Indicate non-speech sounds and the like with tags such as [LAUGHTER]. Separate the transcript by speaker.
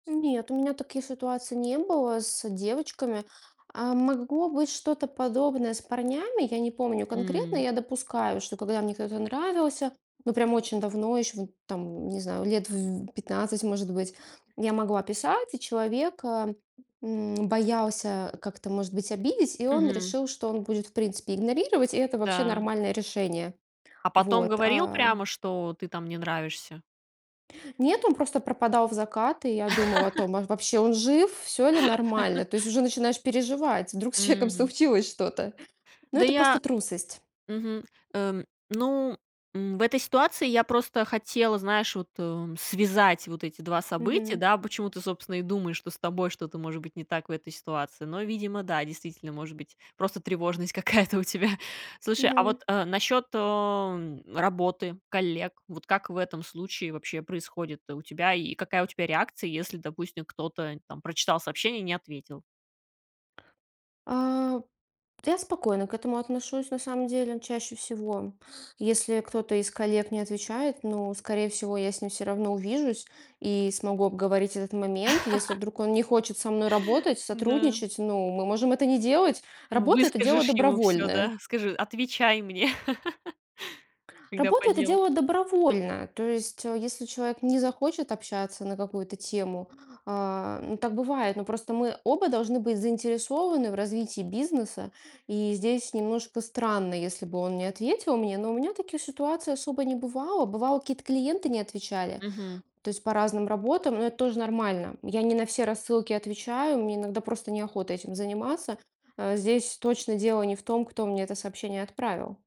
Speaker 1: Нет, у меня таких ситуаций не было с девочками. А, могло быть что-то подобное с парнями, я не помню конкретно,
Speaker 2: М.
Speaker 1: я допускаю, что когда мне кто-то нравился, ну прям очень давно, еще в там, не знаю, лет в 15, может быть, я могла писать. И, человек, эм, м, боялся как-то, может быть, обидеть, и он
Speaker 2: Мгм.
Speaker 1: решил, что он будет, в принципе, игнорировать, и это вообще
Speaker 2: Да.
Speaker 1: нормальное решение.
Speaker 2: А потом
Speaker 1: Вот,
Speaker 2: говорил
Speaker 1: а
Speaker 2: прямо, что ты там не нравишься?
Speaker 1: Нет, он просто пропадал в закат, и я думала о
Speaker 2: [LAUGHS]
Speaker 1: том, а, вообще он жив, всё ли нормально. То есть уже
Speaker 2: [LAUGHS]
Speaker 1: начинаешь переживать, вдруг с человеком
Speaker 2: М.
Speaker 1: случилось что-то. Но
Speaker 2: Да,
Speaker 1: это просто
Speaker 2: я
Speaker 1: трусость.
Speaker 2: Мгм, э. Ну, м, в этой ситуации я просто хотела, знаешь, вот, э, связать вот эти 2 события,
Speaker 1: Мгм.
Speaker 2: да, почему ты, собственно, и думаешь, что с тобой что-то может быть не так в этой ситуации. Но, видимо, да, действительно, может быть, просто тревожность какая-то у тебя. Слушай, а
Speaker 1: Мгм.
Speaker 2: вот, э, насчет, эм, работы, коллег. Вот как в этом случае вообще происходит у тебя и какая у тебя реакция, если, допустим, кто-то там прочитал сообщение и не ответил?
Speaker 1: А, я спокойно к этому отношусь, на самом деле, ну, чаще всего. Если кто-то из коллег не отвечает, ну, скорее всего, я с ним всё равно увижусь и смогу обговорить этот момент. Если
Speaker 2: [LAUGHS]
Speaker 1: вдруг он не хочет со мной работать,
Speaker 2: Да.
Speaker 1: сотрудничать, ну, мы можем это не делать. Работа- это дело
Speaker 2: Выскажешь ему всё,
Speaker 1: добровольное.
Speaker 2: да, скажи: "Отвечай мне, [LAUGHS] когда
Speaker 1: Работа-
Speaker 2: по
Speaker 1: это
Speaker 2: делу".
Speaker 1: дело добровольное. То есть, э, если человек не захочет общаться на какую-то тему, а, ну так бывает, но просто мы оба должны быть заинтересованы в развитии бизнеса, и здесь немножко странно, если бы он не ответил мне, но у меня таких ситуаций особо не бывало. Бывало, какие-то клиенты не отвечали,
Speaker 2: Мгм.
Speaker 1: то есть по разным работам, но это тоже нормально. Я не на все рассылки отвечаю, мне иногда просто неохота этим заниматься. Э. Здесь точно дело не в том, кто мне это сообщение отправил.